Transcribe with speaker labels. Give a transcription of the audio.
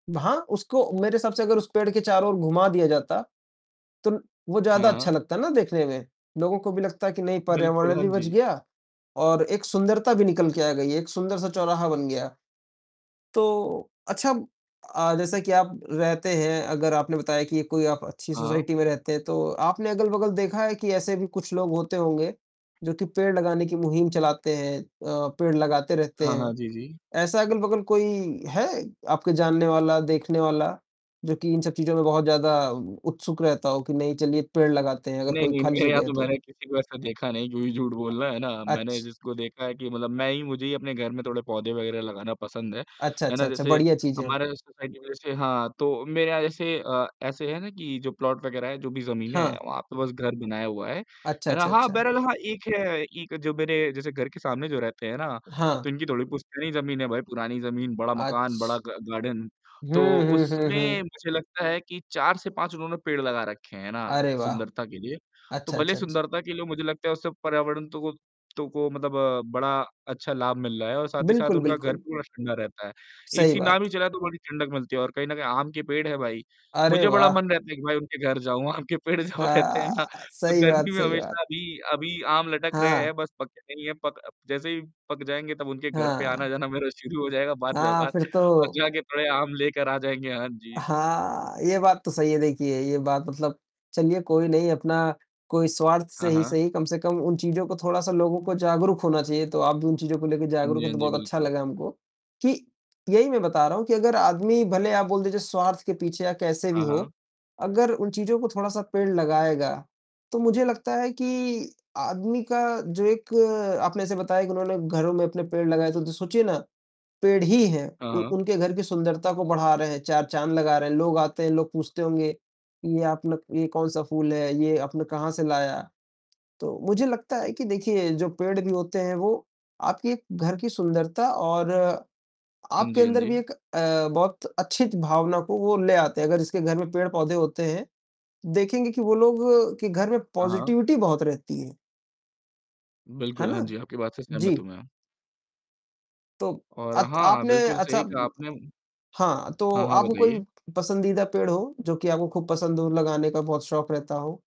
Speaker 1: ब हाँ, उसको मेरे हिसाब से अगर उस पेड़ के चारों ओर घुमा दिया जाता, तो ल वो ज़्यादा अच्छा
Speaker 2: हाँ।
Speaker 1: लगता है ना देखने में। लोगों को भी लगता है कि नहीं
Speaker 2: बिल्कुल,
Speaker 1: पर्यावरण
Speaker 2: हाँ
Speaker 1: भी बच
Speaker 2: जी।
Speaker 1: गया और एक सुंदरता भी निकल के आ गई, एक सुंदर सा चौराहा बन गया। तो अच्छा अ, जैसे कि आप रहते हैं, अगर आपने बताया कि कोई आप अच्छी
Speaker 2: हाँ।
Speaker 1: सोसाइटी में रहते हैं, तो आपने अगल-बगल देखा है कि ऐसे भी कुछ लोग होते होंगे, जो कि पेड़ लगाने की मुहिम चलाते हैं अ, पेड़ लगाते रहते
Speaker 2: हाँ,
Speaker 1: हैं।
Speaker 2: हाँ। जी, जी।
Speaker 1: ऐसा अगल-बगल कोई है, आपका जानने वाला, देखने वाला जो कि इन सब चीज़ों में बहुत ज़्यादा उत्सुक रहता हो, कि नहीं चलिए पेड़ लगाते हैं अगर
Speaker 2: नहीं,
Speaker 1: कोई
Speaker 2: नहीं,
Speaker 1: खाली
Speaker 2: मेरे यहाँ
Speaker 1: जगह है
Speaker 2: तो
Speaker 1: तो।
Speaker 2: मैंने किसी को ऐसा देखा नहीं, क्यों ही झूठ
Speaker 1: अ,
Speaker 2: बोलना, है ना? मैंने
Speaker 1: अच्छ
Speaker 2: जिसको देखा है कि मतलब मैं ही मुझे ही अपने घर में थोड़े पौधे वगैरह लगाना पसंद है,
Speaker 1: अच्छा,
Speaker 2: है
Speaker 1: अच्छा,
Speaker 2: ना?
Speaker 1: अच्छा,
Speaker 2: जैसे,
Speaker 1: बढ़िया चीज़ें है।
Speaker 2: हमारा जो सोसाइटी में जैसे हाँ, तो मेरे जैसे अ, ऐसे है ना कि जो प्लॉट वग़ैरह है, जो भी जमीनें है,
Speaker 1: हाँ।
Speaker 2: वहाँ पे बस घर बनाया हुआ है।
Speaker 1: अच्छा,
Speaker 2: है ना?
Speaker 1: अच्छा,
Speaker 2: हाँ,
Speaker 1: अच्छा।
Speaker 2: बैरल हाँ एक है, एक जो मेरे जैसे घर के सामने जो रहते हैं ना, तो
Speaker 1: हाँ।
Speaker 2: इनकी थोड़ी पुश्तैनी ज़मीन है भाई पुरानी जमीन, बड़ा मकान, बड़ा
Speaker 1: अच्छ
Speaker 2: ग गार्डन,
Speaker 1: हुँ,
Speaker 2: तो
Speaker 1: हुँ, हुँ,
Speaker 2: उसमें
Speaker 1: हुँ।
Speaker 2: मुझे लगता है कि 4 से 5 उन्होंने पेड़ लगा रखें, हैं ना?
Speaker 1: अरे वाह!
Speaker 2: सुंदरता के लिए। तो
Speaker 1: अच्छा,
Speaker 2: भले
Speaker 1: अच्छा, अच्छा।
Speaker 2: सुंदरता के लिए मुझे लगता है उससे पर्यावरण तो को तो को मतलब बड़ा अच्छा लाभ मिल रहा है और साथ ही साथ
Speaker 1: बिल्कुल,
Speaker 2: उनका घर
Speaker 1: बिल्कुल।
Speaker 2: पूरा ठंडा रहता है।
Speaker 1: सही
Speaker 2: एसी ना
Speaker 1: बात।
Speaker 2: भी चलाएँ तो बड़ी ठंडक मिलती है और कहीं न कहीं आम के पेड़ है भाई,
Speaker 1: अरे
Speaker 2: मुझे बड़ा
Speaker 1: वाह!
Speaker 2: मन रहता है कि भाई उनके घर जाऊँ, आम के पेड़ जब रहते हैं ना,
Speaker 1: हाँ,
Speaker 2: तो
Speaker 1: सही बात
Speaker 2: गर्मी में
Speaker 1: सही बात।
Speaker 2: हमेशा अभी अभी आम लटक रहे
Speaker 1: हाँ।
Speaker 2: हैं बस पके नहीं है। पक अ, जैसे ही पक जाएँगे तब उनके घर पे
Speaker 1: हाँ।
Speaker 2: आना-जाना मेरा शुरू हो जाएगा बात
Speaker 1: हाँ,
Speaker 2: व्यवहार
Speaker 1: फिर
Speaker 2: और
Speaker 1: तो
Speaker 2: जा के थोड़े आम लेकर आ जाएँगे। हाँ जी।
Speaker 1: हाँ, ये बात तो सही है देखिए ये बात मतलब चलिए कोई नहीं अपना कोई स्वार्थ से
Speaker 2: हाँ,
Speaker 1: ही
Speaker 2: हाँ।
Speaker 1: सही, कम से कम उन चीज़ों को थोड़ा-सा लोगों को जागरूक होना चाहिए, तो आप भी उन चीज़ों को लेके
Speaker 2: हाँ
Speaker 1: जागरूक
Speaker 2: जी,
Speaker 1: हैं
Speaker 2: हाँ
Speaker 1: तो
Speaker 2: जी,
Speaker 1: बहुत अच्छा
Speaker 2: बिल्कुल।
Speaker 1: लगा हमको। कि यही मैं बता रहा हूँ कि अगर आदमी भले आप बोल दीजिए स्वार्थ के पीछे या कैसे भी
Speaker 2: हाँ,
Speaker 1: हो,
Speaker 2: हाँ।
Speaker 1: अगर उन चीज़ों को थोड़ा-सा पेड़ लगाएगा, तो मुझे लगता है कि आदमी का जो एक आपने ऐसे बताया कि उन्होंने घरों में अपने पेड़ लगाए तो द सोचिए ना, पेड़ ही हैं,
Speaker 2: हाँ,
Speaker 1: उ
Speaker 2: हाँ।
Speaker 1: उनके घर की सुंदरता को बढ़ा रहे हैं, चार चाँद लगा रहे हैं, लोग आते हैं, लोग पूछते होंगे ये अपना ये कौन-सा फूल है? ये आपने कहाँ से लाया? तो मुझे लगता है कि देखिए जो पेड़ भी होते हैं वो आपके घर की सुंदरता और
Speaker 2: हाँ
Speaker 1: आपके
Speaker 2: जी, हाँ
Speaker 1: अंदर भी
Speaker 2: जी।
Speaker 1: एक अ, बहुत अच्छी च भावना को वो ले आते हैं, अगर जिसके घर में पेड़-पौधे होते हैं, देखेंगे कि वो लोग के घर में
Speaker 2: हाँ, हाँ।
Speaker 1: पॉज़िटिविटी बहुत रहती है। है
Speaker 2: बिल्कुल,
Speaker 1: ना?
Speaker 2: हाँ जी, आपकी बात से सहमत हूँ
Speaker 1: जी।
Speaker 2: मैं।
Speaker 1: तो,
Speaker 2: और
Speaker 1: अत
Speaker 2: हाँ,
Speaker 1: आपने
Speaker 2: बिल्कुल
Speaker 1: अच्छा
Speaker 2: सही कहा आपने, उम
Speaker 1: हाँ, तो
Speaker 2: हाँ, हाँ,
Speaker 1: आपको कोई
Speaker 2: बताइए?
Speaker 1: पसंदीदा पेड़ हो, जो कि आपको खूब पसंद हो, लगाने का बहुत शौक रहता हो?